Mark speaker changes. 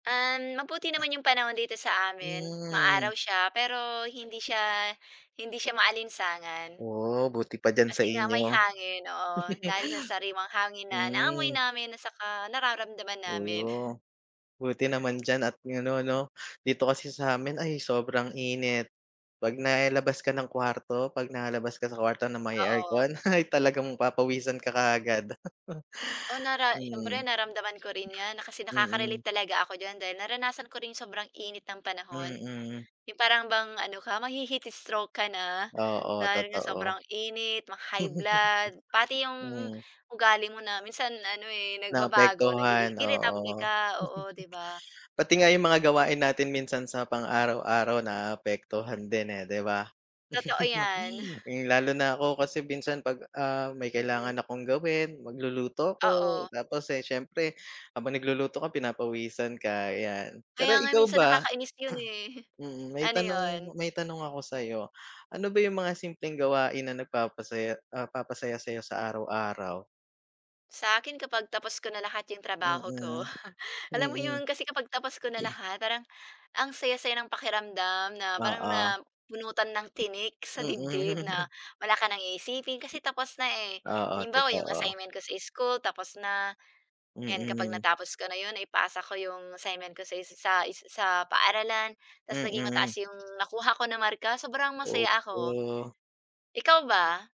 Speaker 1: Uhm, mabuti naman yung panahon dito sa amin,
Speaker 2: Hmm.
Speaker 1: ma-araw siya pero hindi siya hindi siya maalinsangan.
Speaker 2: Oh, buti pa diyan sa
Speaker 1: Kasi nga may
Speaker 2: inyo.
Speaker 1: hangin, oo. Dahil sa sariwang hangin na naamoy
Speaker 2: Hmm.
Speaker 1: namin at saka nararamdaman namin.
Speaker 2: Oh, buti naman diyan at ganon 'no. Dito kasi sa'min ay sobrang init. 'Pag nailabas ka ng kawarto, 'pag nalabas ka sa kwarto na may
Speaker 1: Oo.
Speaker 2: aircon ay talagang papawisan ka kaagad.
Speaker 1: Oh, nara siyempre
Speaker 2: Mm.
Speaker 1: naramdaman ko rin 'yan, na kasi
Speaker 2: Mm.
Speaker 1: nakaka-relate talaga ako diyan, dahil naranasan ko rin yung sobrang init ng panahon.
Speaker 2: Mm.
Speaker 1: 'Yong parang bang ano ka mahi-heat stroke ka na,
Speaker 2: Oo,
Speaker 1: dahil nga
Speaker 2: totoo.
Speaker 1: sobrang init, maka-high blood, pati yung
Speaker 2: Hmm.
Speaker 1: ugali mo na minsan ano eh, nagbabago, nagiging
Speaker 2: Naapektuhan,
Speaker 1: irritable
Speaker 2: oo.
Speaker 1: ka, oo 'di ba?
Speaker 2: Pati nga yung mga gawain natin minsan sa pang araw-araw naapektuhan din eh, 'di ba.
Speaker 1: Totoo yan.
Speaker 2: Hmm, lalo na ako kasi minsan 'pag ah, may kailangan
Speaker 1: Mhm.
Speaker 2: akong gawin, magluluto ako,
Speaker 1: Oo.
Speaker 2: tapos eh, siyempre habang nagluluto ka pinapawisan ka yan. Pero
Speaker 1: Kaya nga
Speaker 2: ikaw
Speaker 1: minsan
Speaker 2: ba?
Speaker 1: nakakainis 'yon eh.
Speaker 2: Mm, may
Speaker 1: Ano 'yon?
Speaker 2: tanong may tanong ako sa'yo. Ano ba yung mga simpleng gawain na nagpapasaya ah, papasaya sa'yo sa araw-araw?
Speaker 1: Sa akin kapag tapos ko na lahat yung trabaho ko.
Speaker 2: Mm,
Speaker 1: Alam mo
Speaker 2: mm.
Speaker 1: yun, kasi kapag tapos ko na lahat parang ang saya-saya ng pakiramdam na parang
Speaker 2: Oo.
Speaker 1: na bunutan ng tinik sa dibdib, na
Speaker 2: Mm.
Speaker 1: wala ka ng iisipin, kasi tapos na, eh.
Speaker 2: Oo,
Speaker 1: Halimbawa 'yong
Speaker 2: totoo.
Speaker 1: assignment ko sa school tapos na, yan kapag
Speaker 2: Mm.
Speaker 1: natapos ko na yun, naipasa ko 'yong assignment ko sa sa sa paaralan, tas naging mataas
Speaker 2: Mm.
Speaker 1: 'yong nakuha ko na marka, sobrang masaya ako.
Speaker 2: Opo.
Speaker 1: Ikaw ba?